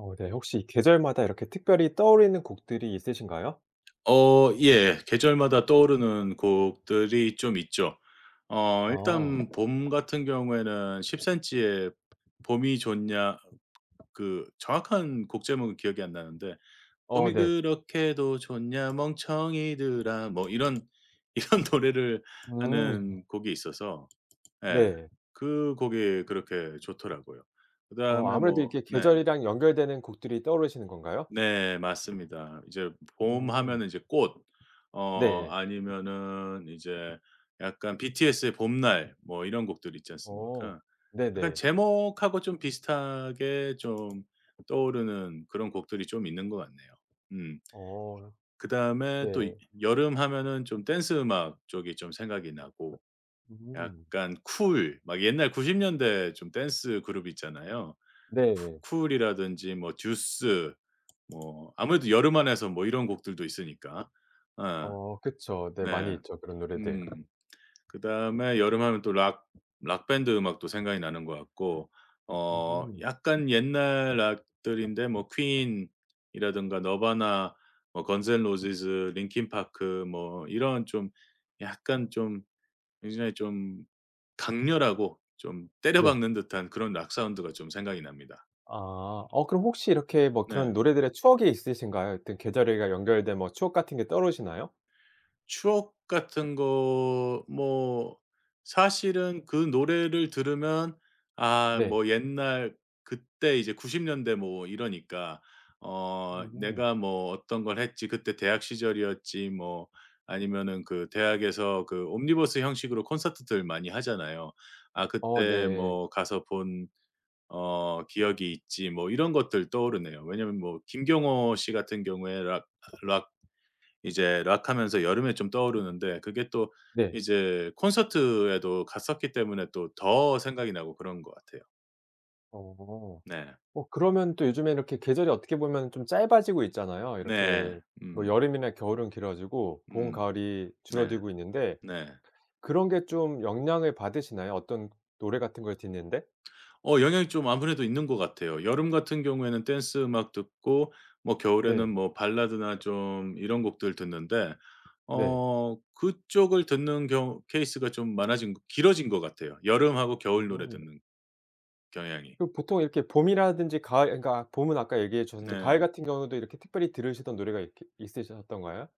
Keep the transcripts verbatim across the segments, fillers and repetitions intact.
어 네, 혹시 계절마다 이렇게 특별히 떠오르는 곡들이 있으신가요? 어, 예. 계절마다 떠오르는 곡들이 좀 있죠. 어 아. 일단 봄 같은 경우에는 10cm의 보 봄이 좋냐 그 정확한 곡 제목은 기억이 안 나는데. 어 봄이 네. 그렇게도 좋냐, 멍청이들아. 뭐 이런, 이런 노래를 음. 하는 곡이 있어서 예 네. 그 곡이 그렇게 좋더라고요. 어, 그다음에 아무래도 뭐 이렇게 네. 계절이랑 연결되는 곡들이 떠오르시는 건가요? 네, 맞습니다. 이제 봄 음. 하면은 이제 꽃. 어 네. 아니면은 이제 약간 BTS의 봄날. 뭐 이런 곡들 있지 어 않습니까. 약간 네네. 제목하고 좀 비슷하게 좀 떠오르는 그런 곡들이 좀 있는 것 같네요. 음. 어. 그 네. 다음에 또 여름 하면은 좀 댄스음악 쪽이 좀 생각이 나고, 음. 약간 쿨. 막 옛날 구십 년대 중 댄스 그룹이 있잖아요. 네. 쿠 쿨이라든지 뭐 듀스. 뭐 아무래도 여름 안에서 뭐 이런 곡들도 있으니까. 어. 어, 그쵸. 네 많이 네, 있죠 그런 노래들. 음. 그 다음에 여름하면 또 락 락 밴드 음악도 생각이 나는 것 같고 어 음. 약간 옛날 락들인데 뭐 퀸이라든가 너바나, 뭐 건즈 앤 로지스, 린킨 파크, 그 뭐 이런 좀 약간 좀 굉장히 좀 강렬하고 좀 네. 때려박는 듯한 그런 락 사운드가 좀 생각이 납니다. 아, 그럼 혹시 이렇게 네. 그런 노래들의 추억이 있으신가요? 이렇게 계절에 연결된 추억 같은 게 떠오르시나요? 추억 같은 거 뭐 사실은 그 노래를 들으면 아, 네. 뭐 옛날 그때 이제 구십 년대 뭐 이러니까 어 음. '내가 뭐 어떤 걸 했지. 그때 대학 시절이었지.' 뭐 아니면은 그 대학에서 그 옴니버스 형식으로 콘서트들 많이 하잖아요. 아 어, 그때 네. 뭐 '가서 본 어 기억이 있지.' 뭐 이런 것들 떠오르네요. 왜냐면 뭐 김경호 씨 같은 경우에 락 락 이제 락 하면서 여름에 좀 떠오르는데 그게 또 네. 이제 콘서트에도 갔었기 때문에 또 더 생각이 나고 그런 것 같아요. 어. 네. 어, 그러면 또 요즘에 이렇게 계절이 어떻게 보면 좀 짧아지고 있잖아요. 네. 이렇게 뭐 음. 여름이나 겨울은 길어지고 봄, 음. 가을이 네. 줄어들고 있는데 네. 그런 게 좀 영향을 받으시나요? 어떤 노래 같은 걸 듣는 데? 어 영향이 좀 아무래도 있는 것 같아요. 여름 같은 경우에는 댄스 음악 듣고 뭐 겨울에는 네. 뭐 발라드나 좀 이런 곡들 듣는데 네. 어 그쪽을 듣는 경우 케이스가 좀 많아진 거 길어진 것 같아요, 여름하고 겨울 노래 음. 듣는 경향이. 그 보통 이렇게 봄이라든지 가을 그러니까 봄은 아까 얘기해 주셨는데 가을 네. 같은 경우에도 이렇게 특별히 들으시던 노래가 이렇게 있으셨던가요?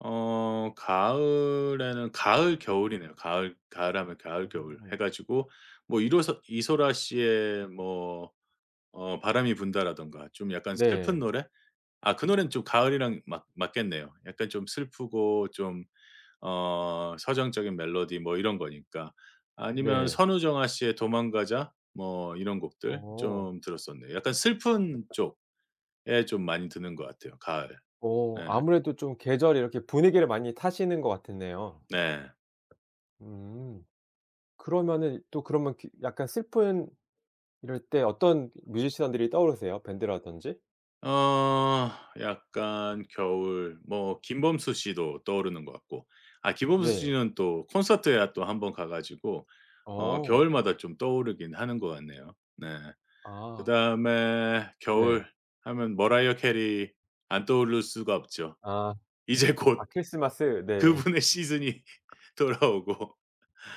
어. 가을에는 가을, 겨울이네요. 가을 가을 하면 가을, 겨울 음. 해 가지고 뭐 이로서 이소라 씨의 뭐 어 바람이 분다라든가. 좀 약간 슬픈 네. 노래? 아, 그 노래는 좀 가을이랑 맞 맞겠네요. 약간 좀 슬프고 좀 어 서정적인 멜로디 뭐 이런 거니까. 아니면 네. 선우정아 씨의 도망가자, 뭐 이런 곡들 어. 좀 들었었네요. 약간 슬픈 쪽에 좀 많이 듣는 것 같아요. 가을. 어, 네. 아무래도 좀 계절이 이렇게 분위기를 많이 타시는 것 같았네요. 네. 음. 그러면은 이 또 그러면 그 약간 슬픈 이럴 때 어떤 뮤지션들이 떠오르세요, 밴드라든지? 어 약간 겨울 뭐 김범수 씨도 떠오르는 것 같고. 아 네. 김범수씨는 또 콘서트에 아 또 한 번 가 가지고 어 어. 겨울마다 좀 떠오르긴 하는 것 같네요. 네. 그 아. 다음에 겨울 네. 하면 머라이어 캐리 안 떠오를 수가 없죠. 아. 이제 아 곧 크리스마스. 네. 그분의 시즌이 돌아오고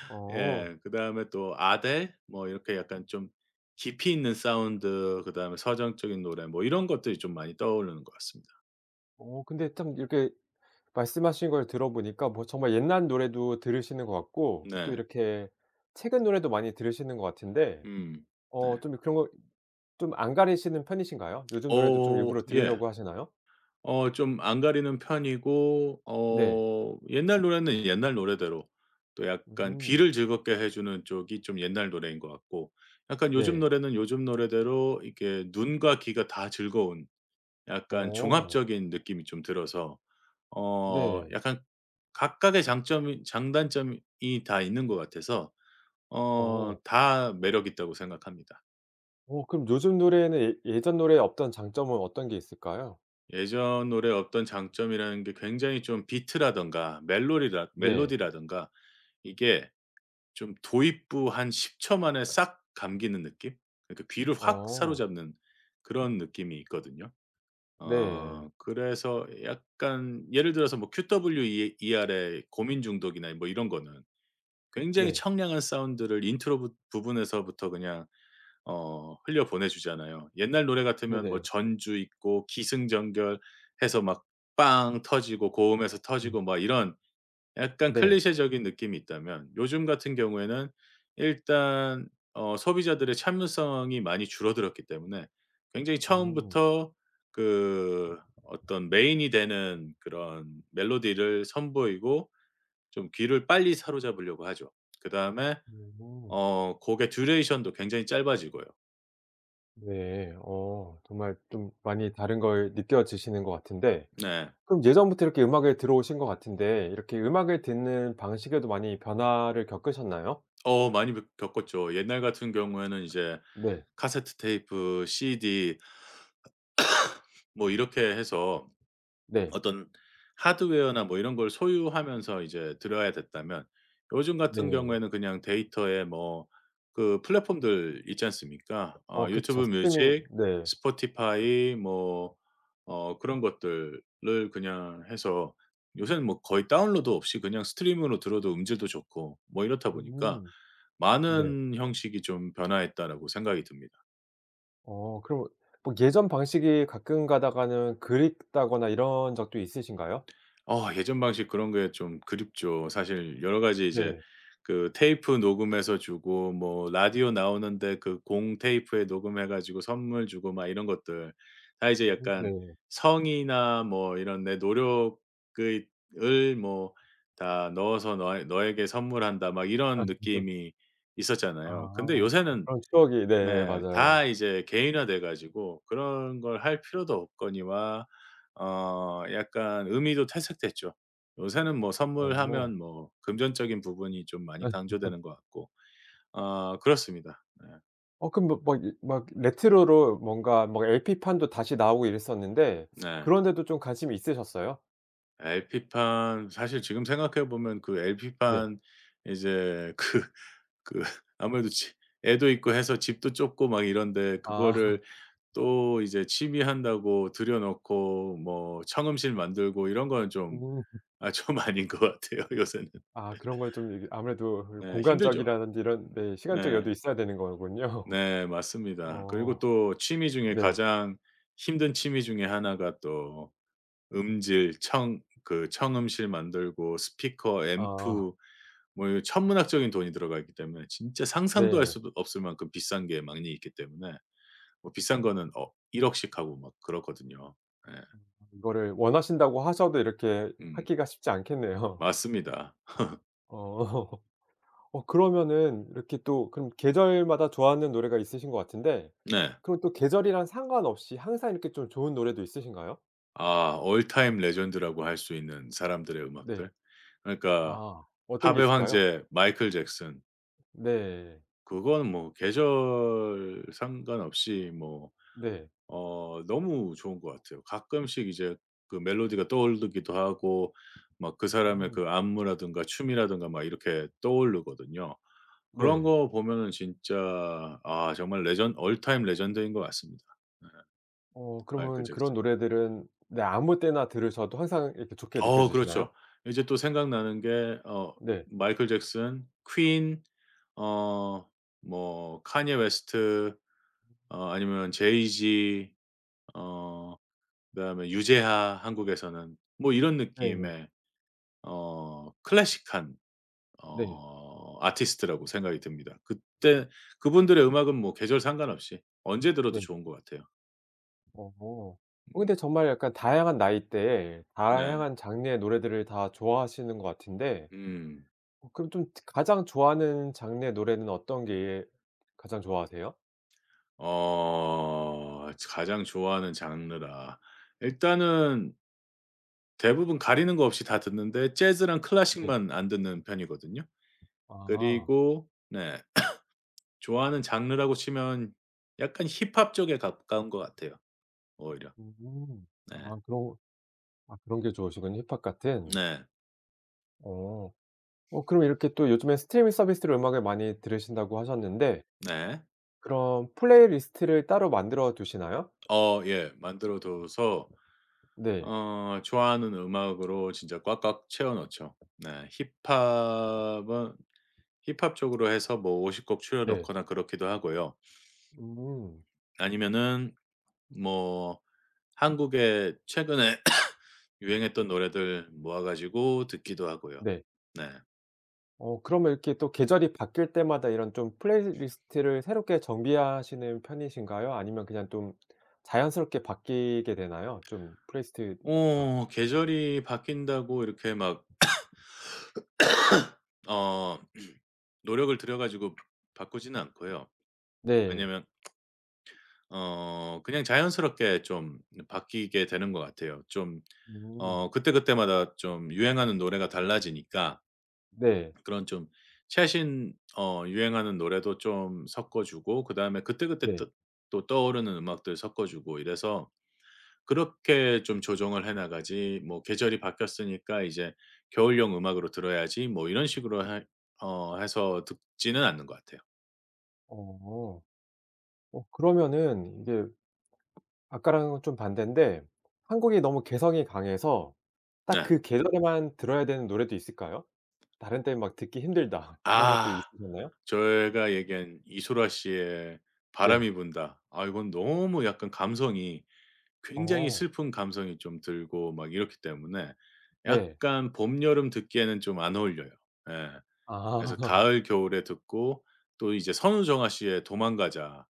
어. 예 그 다음에 또 아델 뭐 이렇게 약간 좀 깊이 있는 사운드 그 다음에 서정적인 노래 뭐 이런 것들이 좀 많이 떠오르는 것 같습니다. 어 근데 참 이렇게 말씀하신 걸 들어 보니까 뭐 정말 옛날 노래도 들으시는 것 같고 또 네. 이렇게 최근 노래도 많이 들으시는 것 같은데 음. 어 네. 좀 이 그런 거 좀 안 가리시는 편이신가요? 요즘 노래도 좀 어 일부러 예. 들으려고 하시나요? 어 좀 안 가리는 편이고 네. 어 옛날 노래는 옛날 노래대로 또 약간 음. 귀를 즐겁게 해 주는 쪽이 좀 옛날 노래인 것 같고 약간 요즘 네. 노래는 요즘 노래대로 이렇게 눈과 귀가 다 즐거운 약간 어. 종합적인 느낌이 좀 들어서 어 네. 약간 각각의 장점이 장단점이 이 다 있는 것 같아서 어 어. 다 매력 있다고 생각합니다. 오 그럼 요즘 노래에는 예 예전 노래에 없던 장점은 어떤 게 있을까요? 예전 노래의 어떤 장점이라는 게 굉장히 좀 비트라든가 멜로리라 네. 멜로디라든가 이게 좀 도입부 한 십 초 만에 싹 감기는 느낌? 그러니까 귀를 확 어. 사로잡는 그런 느낌이 있거든요. 네. 어 그래서 약간 예를 들어서 뭐 QWE ER 에 고민 중독이나 뭐 이런 거는 굉장히 네. 청량한 사운드를 인트로 부 부분에서부터 그냥 어 흘려 보내 주잖아요. 옛날 노래 같으면 뭐 네네. 전주 있고 기승전결해서 막 빵 터지고 고음에서 음. 터지고 막 이런 약간 네. 클리셰적인 느낌이 있다면 요즘 같은 경우에는 일단 어 소비자들의 참을성이 많이 줄어들었기 때문에 굉장히 음. 처음부터 그 어떤 메인이 되는 그런 멜로디를 선보이고 좀 귀를 빨리 사로잡으려고 하죠. 그다음에 음. 어 곡의 듀레이션도 굉장히 짧아지고요. 네. 어. 정말 좀 많이 다른 걸 느껴지시는 것 같은데. 네. 그럼 예전부터 이렇게 음악을 들어오신 것 같은데 이렇게 음악을 듣는 방식에도 많이 변화를 겪으셨나요? 어 많이 그 겪었죠. 옛날 같은 경우에는 이제 네. 카세트테이프, CD 뭐 이렇게 해서 네. 어떤 하드웨어나 뭐 이런 걸 소유하면서 이제 들어야 됐다면 요즘 같은 네. 경우에는 그냥 데이터에 뭐 그 플랫폼들 있지 않습니까? 어 어 그쵸. YouTube 스트리밍 music, 네. Spotify 뭐 어 그런 것들을 그냥 해서 요새는 뭐 거의 다운로드 없이 그냥 stream으로 들어도 음질도 좋고 뭐 이렇다 보니까 음. 네. '많은 형식이 좀 변화했다.'라고 생각이 듭니다. 어 그러면 막 예전 방식이 가끔 가다가는 그립다거나 이런 적도 있으신가요? 어 예전 방식 그런 게 좀 그립죠. 사실 여러 가지 이제 네. 그 테이프 녹음해서 주고 뭐 라디오 나오는데 그 공테이프에 녹음해 가지고 선물 주고 막 이런 것들. 다 이제 음 약간 네. '성의나 뭐 이런 내 노력을 을 뭐 다 넣어서 너에 너에게 선물한다.' 막 이런 느낌이 아. 있었잖아요. 근데 아 요새는 그런 추억이. 네 네 다 맞아요. 이제 개인화 돼 가지고 그런 걸 할 필요도 없거니와 어 약간 의미도 퇴색됐죠. 요새는 뭐 어. 선물하면 뭐 금전적인 부분이 좀 많이 강조되는 것 같고. 어 그렇습니다. 네. 어 그럼 막 막 이 막 레트로로 뭔가 뭐 LP판도 다시 나오고 이랬었는데 네. 그런 데도 좀 관심이 있으셨어요? LP판 사실 지금 생각해 보면 그 네. LP판 이제 그 그 아무래도 집 애도 있고 해서 집도 좁고 막 이런데 그거를 아. 또 이제 취미 한다고 들여놓고 뭐 청음실 만들고 이런 거는 좀 음. 아 좀 아닌 것 같아요, 요새는. 아, 그런 걸 좀 이게 아무래도 이게 네, 힘들죠. 공간적이라든지 이런 네 시간적 네. 여유도 있어야 되는 거군요. 네, 맞습니다. 그리고 어. 또 취미 중에 네. 가장 힘든 취미 중에 하나가 또 음질 청 그 청음실 만들고 스피커, 아. 앰프, 뭐 이런 천문학적인 돈이 들어가 있기 때문에 진짜 상상도 할 네. 수도 없을 만큼 비싼 게 많이 있기 때문에 뭐 비싼 거는 억 일억 씩 하고 막 그렇거든요. 예. 이거를 원하신다고 하셔도 이렇게 음. 하기가 쉽지 않겠네요. 맞습니다. 어. 어 그러면은 이렇게 또 그럼 계절마다 좋아하는 노래가 있으신 것 같은데 네. 그럼 또 계절이랑 상관없이 항상 이렇게 좀 좋은 노래도 있으신가요? 아 all time legend라고 할 수 있는 사람들의 네. 음악들 그러니까 아 어떤 게 팝의 있을까요? 황제 마이클 잭슨. 네. 그건 뭐 계절 상관없이 뭐 네. 어 너무 좋은 것 같아요. 가끔씩 이제 그 멜로디가 떠오르기도 하고 막 그 사람의 음. 그 안무라든가 춤이라든가 막 이렇게 떠오르거든요. 그런 네. 거 보면은 진짜 아 정말 legend all time legend 인 것 같습니다. 예. 어 마이클 그러면 그런 잭슨. 노래들은 네 아무 때나 들으셔도 항상 이렇게 좋게 어 느껴지시나요? 그렇죠. 이제 또 생각나는 게 어 네. 마이클 잭슨, 퀸, 어 뭐 칸예 웨스트 어 아니면 제이지 어 그 다음에 유재하 한국에서는 뭐 이런 네네. 느낌의 어 클래식한 네. 어 아티스트라고 생각이 듭니다. 그때 그분들의 음악은 뭐 계절 상관없이 언제 들어도 네. 좋은 것 같아요. 어. 어 음. 근데 정말 약간 다양한 나이대에 네. 다양한 장르의 노래들을 다 좋아하시는 것 같은데 음. 어 그럼 좀 특 가장 좋아하는 장르의 노래는 어떤 게 가장 좋아하세요? 어. 저 가장 좋아하는 장르라. 일단은 대부분 가리는 거 없이 다 듣는데 재즈랑 네. 클래식만 안 듣는 편이거든요. 아. 그리고 네. 좋아하는 장르라고 치면 약간 힙합 쪽에 가까운 것 같아요 오히려. 음. 네. 아 그런 아 그런 게 좋으시군요 힙합 같은. 네. 어. 어 그럼 이렇게 또 요즘에 스트리밍 서비스로 음악을 많이 들으신다고 하셨는데 네. 그럼 플레이리스트를 따로 만들어 두시나요? 어, 예. 만들어 둬서 네. 어 좋아하는 음악으로 진짜 꽉꽉 채워 넣죠. 네, 힙합은 힙합 쪽으로 해서 뭐 오십 곡 추려 네. 놓거나 그렇기도 하고요. 음. 아니면은 뭐 한국에 최근에 유행했던 노래들 모아 가지고 듣기도 하고요. 네. 네. 어 그러면 이렇게 또 계절이 바뀔 때마다 이런 좀 플레이리스트를 새롭게 정비하시는 편이신가요? 아니면 그냥 좀 자연스럽게 바뀌게 되나요? 좀 플레이리스트가. 어, 계절이 바뀐다고 이렇게 막 어 노력을 들여 가지고 바꾸진 않고요. 네. 왜냐면 어 그냥 자연스럽게 좀 바뀌게 되는 것 같아요. 좀 음. 어 그때그때마다 좀 유행하는 노래가 달라지니까 네. 그런 좀 최신 어 유행하는 노래도 좀 섞어 주고 그다음에 그때그때 네. 떠 또 떠오르는 음악들 섞어 주고 이래서 그렇게 좀 조정을 해나가지 뭐 '계절이 바뀌었으니까 이제 겨울용 음악으로 들어야지.' 뭐 이런 식으로 읍. 해 어 해서 듣지는 않는 것 같아요. 어. 어 그러면은 이게 아까랑은 좀 반대인데 한국이 너무 개성이 강해서 딱 네. 그 계절에만 들어야 되는 노래도 있을까요? '다른 때는 막 듣기 힘들다.' 이런 것도 아. 있으셨나요? 제가 얘기한 이소라 씨의 네. 바람이 분다 아 이건 너무 약간 감성이 굉장히 어. 슬픈 감성이 좀 들고 막 이렇기 때문에 네. 약간 봄 여름 듣기에는 좀 안 어울려요. 예. 그래서 아. 가을, 겨울에 듣고 또 이제 선우정아씨의 도망가자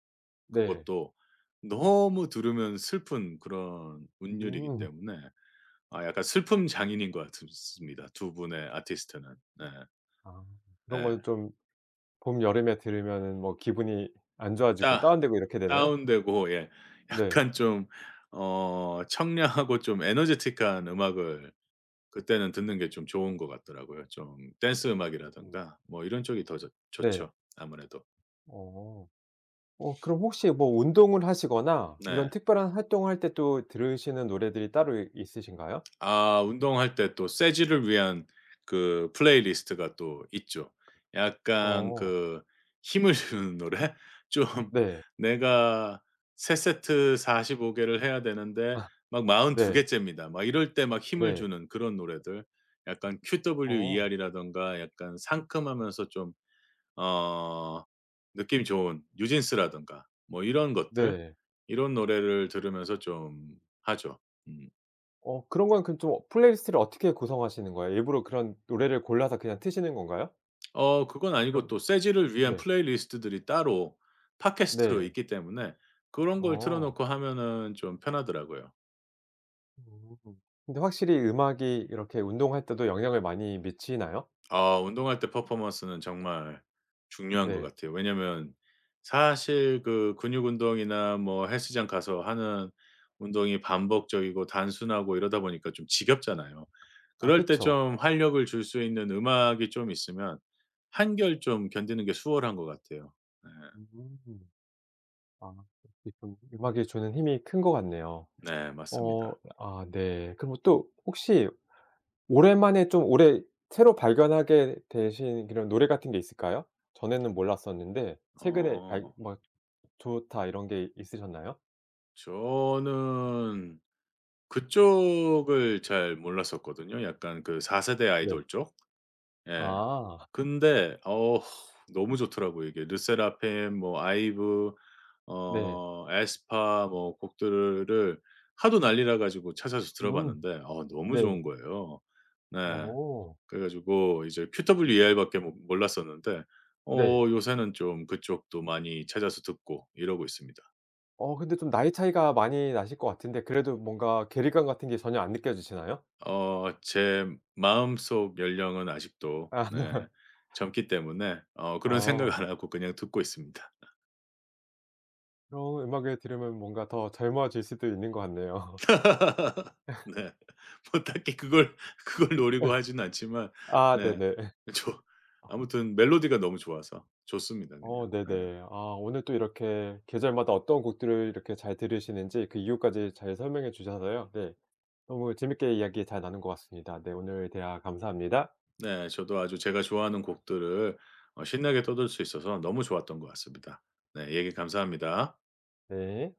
네. 그것도 너무 들으면 슬픈 그런 운율이기 음. 때문에 아 약간 슬픔 장인인 것 같읍스 습니다, 두 분의 아티스트는. 네. 아 그런 예. 거 좀 봄 여름에 들으면은 뭐 기분이 안 좋아지고 다 다운되고 이렇게 되나요? 다운되고 예 네. 약간 좀 어 청량하고 좀 에너제틱한 음악을 그 때는 듣는게 좀 좋은 것 같더라고요. 좀 댄스음악이라든가 뭐 이런 쪽이 더 좋 네. 좋죠, 아무래도. 어. 어 그럼 혹시 뭐 운동을 하시거나 이런 네. 특별한 활동을 할 때 또 들으시는 노래들이 따로 있으신가요? 아 운동할 때 또 쇠질을 위한 그 플레이리스트가 또 있죠. 약간 어. 그 힘을 주는 노래. 좀 네. 내가 세 세트 사십오 개를 해야 되는데 아. 막 마흔두 네. 개째입니다, 막 이럴 때 막 힘을 네. 주는 그런 노래들. 약간 어. QWER이라든가 약간 상큼하면서 좀 어 느낌 좋은 뉴진스라든가 뭐 이런 것들 네. 이런 노래를 들으면서 좀 하죠. 음. 어 그런 건 그 좀 플레이리스트를 어떻게 구성하시는 거예요? 일부러 그런 노래를 골라서 그냥 트시는 건가요? 어 그건 아니고 그런 또 쇠질을 위한 네. 플레이리스트들이 따로 팟캐스트로 네. 있기 때문에 그런 걸 어. 틀어놓고 하면은 좀 편하더라고요. 음, 근데 확실히 음악이 이렇게 운동할 때도 영향을 많이 미치나요? 어, 운동할 때 퍼포먼스는 정말 중요한 것 네. 같아요. 왜냐하면 사실 그 근육 운동이나 뭐 헬스장 가서 하는 운동이 반복적이고 단순하고 이러다 보니까 좀 지겹잖아요. 아, 그럴 때 그쵸. 좀 활력을 줄 수 있는 음악이 좀 있으면 한결 좀 견디는 게 수월한 것 같아요. 네. 음. 아 기쁨 음악이 주는 힘이 큰 것 같네요. 네, 어 맞습니다. 아 네. 그럼 또 혹시 오랜만에 좀 올해 새로 발견하게 되신 그런 노래 같은 게 있을까요? 전에는 몰랐었는데 최근에 아이 어. 막 '좋다.' 이런 게 있으셨나요? 저는 그쪽을 잘 몰랐었거든요. 약간 그 사 세대 네. 아이돌 쪽. 예. 아. 근데 어 너무 좋더라고요 이게. 르세라핌 뭐 아이브 네. 어 에스파 뭐 곡들을 하도 난리 나가지고 찾아서 음 들어봤는데 어 너무 네. 좋은 거예요. 네. 어. 그래 가지고 이제 QWER밖에 모 몰랐었는데 네. 어 요새는 좀 그쪽도 많이 찾아서 듣고 이러고 있습니다. 어 근데 좀 나이 차이가 많이 나실 것 같은데 그래도 뭔가 괴리감 같은 게 전혀 안 느껴지시나요? 어 제 마음속 연령은 아직도 아. 네 젊기 때문에 어 그런 어. 생각 안 하고 그냥 듣고 있습니다. 어 음악을 들으면 뭔가 더 젊어질 수도 있는 것 같네요. 네, 뭐 딱히 그걸 그걸 노리고 하진 않지만 아, 네. 네네. 그쵸. 아무튼 멜로디가 너무 좋아서 좋습니다 그냥. 어 네. 네네. 아 오늘 또 이렇게 계절마다 어떤 곡들을 이렇게 잘 들으시는지 그 이유까지 잘 설명해 주셔서요. 네. 너무 재밌게 이야기 잘 나눈 것 같습니다. 네 오늘 대화 감사합니다. 네, 저도 아주 제가 좋아하는 곡들을 어 신나게 떠들 수 있어서 너무 좋았던 것 같습니다. 네, 얘기 감사합니다. 네.